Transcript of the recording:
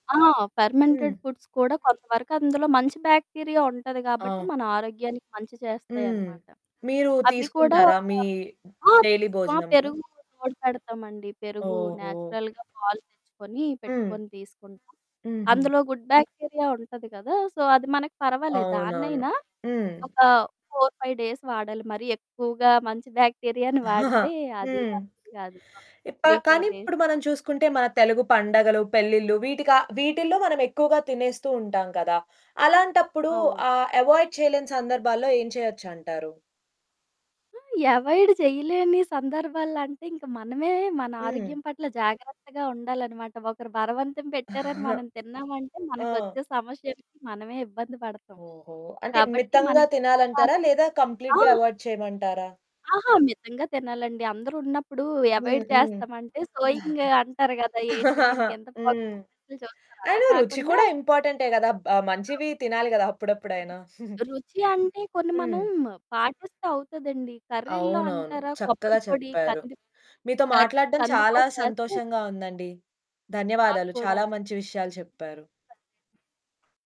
ఆ! ఫెర్మెంటెడ్ హ్మ్. ఫుడ్స్ కూడా కొంతవరకు అందులో మంచి బ్యాక్టీరియా ఉంటది కాబట్టి, ఆ! మన ఆరోగ్యానికి మంచి హ్మ్. చేస్తాయనమాట. మీరు అవ్వి కూడా తీసుకుంటారా? ఒక మీ ఆ! డైలీ తీస్ ఆ! భోజనంలో? పెరుగూకి తోడు పెడతామండి. పెరుగు ఓహో! న్యాచురల్‌గా పాలు తెచ్చుకొని హ్మ్. పెట్టుకొని తీసుకుంటాం. హుహు. అందులో గుడ్ బ్యాక్టీరియా ఉంటది కదా! సో అది మనకి పర్వాలేదు. అవునవును. దాన్నయినా హ్మ్. ఒక 4, 5 డేస్ వాడాలి మరి ఎక్కువగా మంచి బ్యాక్టీరియాను వాడితే అదీ హ్మ్. మంచిది కాదు. ఇప్ప త్రీ కానీ ఫోర్ డేస్ ఇప్పుడు మనం చాలు. చూసుకుంటే మన తెలుగు పండగలు, పెళ్లిలు వీటిక వీటిల్లో మనమెక్కువగా తినేస్తూ ఉంటాం గదా! అలాంటప్పుడు అవును. ఆ అవాయిడ్ చేయలేని సందర్భాల్లో ఏం చేయొచ్చంటారు? ఆ! అవాయిడ్ చేయలేని సందర్భాలలో అంటే ఇంక మనమే మన హ్మ్. ఆరోగ్యం పట్ల జాగ్రత్తగా ఉండాలనమాట. ఒకరు బలవంతం పెట్టారని మనం తిన్నామంటే ఆ! మనకొచ్చే సమస్యలకి మనమే ఇబ్బంది పడతాం ఓహో! అంటే కాబట్టి మితంగా మనకి ఎంత తినాలంటారా? కావాలో లేదా ఆ! కంప్లీట్‌గా అవాయిడ్ చేయమంటారా? ఆహా! మితంగా తినాలండి. అందరూ ఉన్నప్పుడు హ్మ్, అవాయిడ్ హ్మ్. చేస్తామంటే సోయింగు అంటారు కదా! ఏంటి దీనికింత పొగరు హ్మ్. అన్నట్లు చూస్తారు. అలా అయినా రుచి కాకుండా కూడా ఇంపార్టెంటే గదా! బ్ ఆ! మంచివి తినాలి గదా అప్పుడప్పుడయినా. రు రుచి అంటే కొన్ని మనం హ్మ్. పాటిస్తే అవుతదండి. కర్రీల్లొ అవునవును. అంటారా? చక్కగా కొబ్బరి పొడి, చెప్పారు. కందిప్ మీతో కర్ మాట్లాడడం చాలా కందిపొడి వేస్తే సంతోషంగా ఉందండి. నాకు ధన్యవాదాలు. కూడా. చాలా మంచి విషయాలు చెప్పారు. [unintelligible]